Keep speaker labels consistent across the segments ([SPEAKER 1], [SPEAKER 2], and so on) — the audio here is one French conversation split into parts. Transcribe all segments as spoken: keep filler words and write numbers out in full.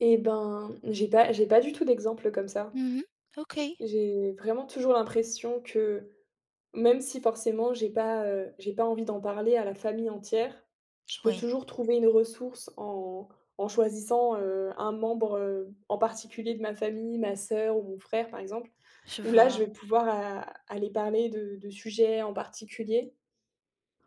[SPEAKER 1] Et ben, j'ai pas j'ai pas du tout d'exemple comme ça.
[SPEAKER 2] Mmh mh. OK.
[SPEAKER 1] J'ai vraiment toujours l'impression que même si forcément j'ai pas, heu, j'ai pas envie d'en parler à la famille entière, je peux
[SPEAKER 2] Oui.
[SPEAKER 1] toujours trouver une ressource en en choisissant, heu, un membre, heu, en particulier de ma famille, ma soeur ou frère par exemple,
[SPEAKER 2] Je
[SPEAKER 1] où là je
[SPEAKER 2] vois.
[SPEAKER 1] vais pouvoir a aller parler de de sujets en particulier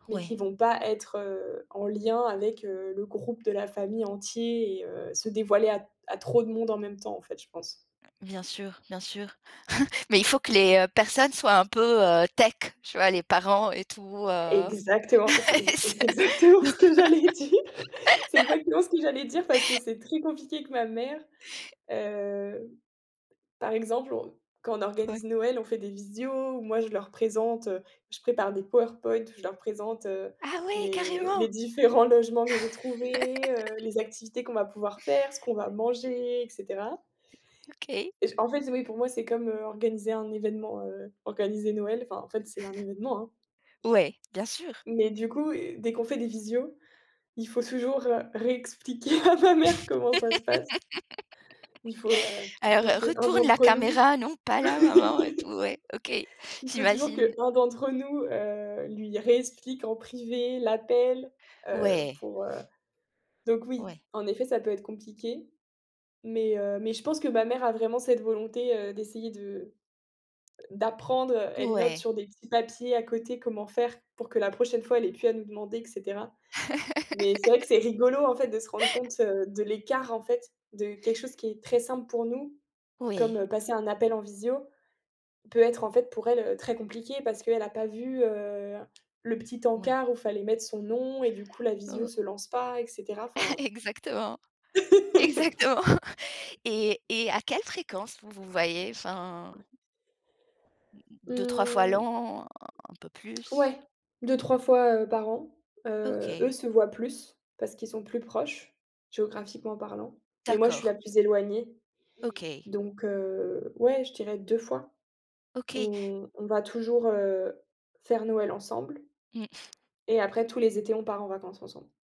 [SPEAKER 1] mais qui
[SPEAKER 2] Oui.
[SPEAKER 1] vont pas être, heu, en lien avec, heu, le groupe de la famille entier et heu, se dévoiler à à trop de monde en même temps en fait, je pense.
[SPEAKER 2] Bien sûr, bien sûr. Mais il faut que les personnes soient un peu, heu, tech, tu vois les parents et tout, heu
[SPEAKER 1] Exactement, c'est c
[SPEAKER 2] c'est
[SPEAKER 1] c'est exactement ce que j'allais dire. C'est exactement ce que j'allais dire, parce que c'est très compliqué que ma mère, heu, par exemple, on quand on
[SPEAKER 2] Ouais.
[SPEAKER 1] organise Noël, on fait des visio, où moi je leur présente, je prépare des PowerPoint, où je leur présente, heu,
[SPEAKER 2] Ah oui.
[SPEAKER 1] les
[SPEAKER 2] Carrément.
[SPEAKER 1] les différents logements que j'ai trouvés, heu, les activités qu'on va pouvoir faire, ce qu'on va manger, et cetera
[SPEAKER 2] OK.
[SPEAKER 1] et je en fait, oui, pour moi, c'est comme, heu, organiser un événement, heu, organiser Noël. Enfin, en fait, c'est un événement, hein
[SPEAKER 2] Ouais, bien sûr.
[SPEAKER 1] mais du coup, dès qu'on fait des visio, il faut toujours, heu, réexpliquer à ma mère, comment ça se passe il faut, heu, il
[SPEAKER 2] «Alors
[SPEAKER 1] faut que un
[SPEAKER 2] retourne la
[SPEAKER 1] d'entre nous
[SPEAKER 2] caméra non pas là maman et tout». Ouais OK,
[SPEAKER 1] il faut toujours
[SPEAKER 2] j'imagine.
[SPEAKER 1] qu'un d'entre nous, heu, lui réexplique en privé l'appel, heu,
[SPEAKER 2] Ouais.
[SPEAKER 1] pour, heu, donc oui
[SPEAKER 2] Ouais.
[SPEAKER 1] en effet ça peut être compliqué, mais heu, mais je pense que ma mère a vraiment cette volonté, heu, d'essayer de d'apprendre, elle note
[SPEAKER 2] Ouais.
[SPEAKER 1] sur des petits papiers à côté comment faire pour que la prochaine fois elle ait plus à nous demander et cetera, mais c'est vrai que c'est rigolo en fait de se rendre compte de l'écart en fait de quelque chose qui est très simple pour nous
[SPEAKER 2] Oui.
[SPEAKER 1] comme passer un appel en visio, peut être en fait pour elle très compliquée parce qu'elle a pas vu, heu, le petit
[SPEAKER 2] Ouais.
[SPEAKER 1] encart où il fallait mettre son nom et du coup la visio
[SPEAKER 2] Oh.
[SPEAKER 1] se lance pas et cetera, enfin.
[SPEAKER 2] Exactement. Exactement et et à quelle fréquence vous vous voyez? Enfin deux-trois fois
[SPEAKER 1] Mmh.
[SPEAKER 2] l'an? Un peu plus?
[SPEAKER 1] Ouais, deux-trois fois par an. Heu, eux
[SPEAKER 2] OK.
[SPEAKER 1] se voient plus, parce qu'ils sont plus proches, géographiquement parlant, mais moi je suis
[SPEAKER 2] D'accord.
[SPEAKER 1] la plus éloignée,
[SPEAKER 2] OK.
[SPEAKER 1] donc heu, ouais je dirais deux fois.
[SPEAKER 2] OK.
[SPEAKER 1] On on va toujours, heu, faire Noël ensemble
[SPEAKER 2] Mmh.
[SPEAKER 1] et après tous les étés, on part en vacances ensemble.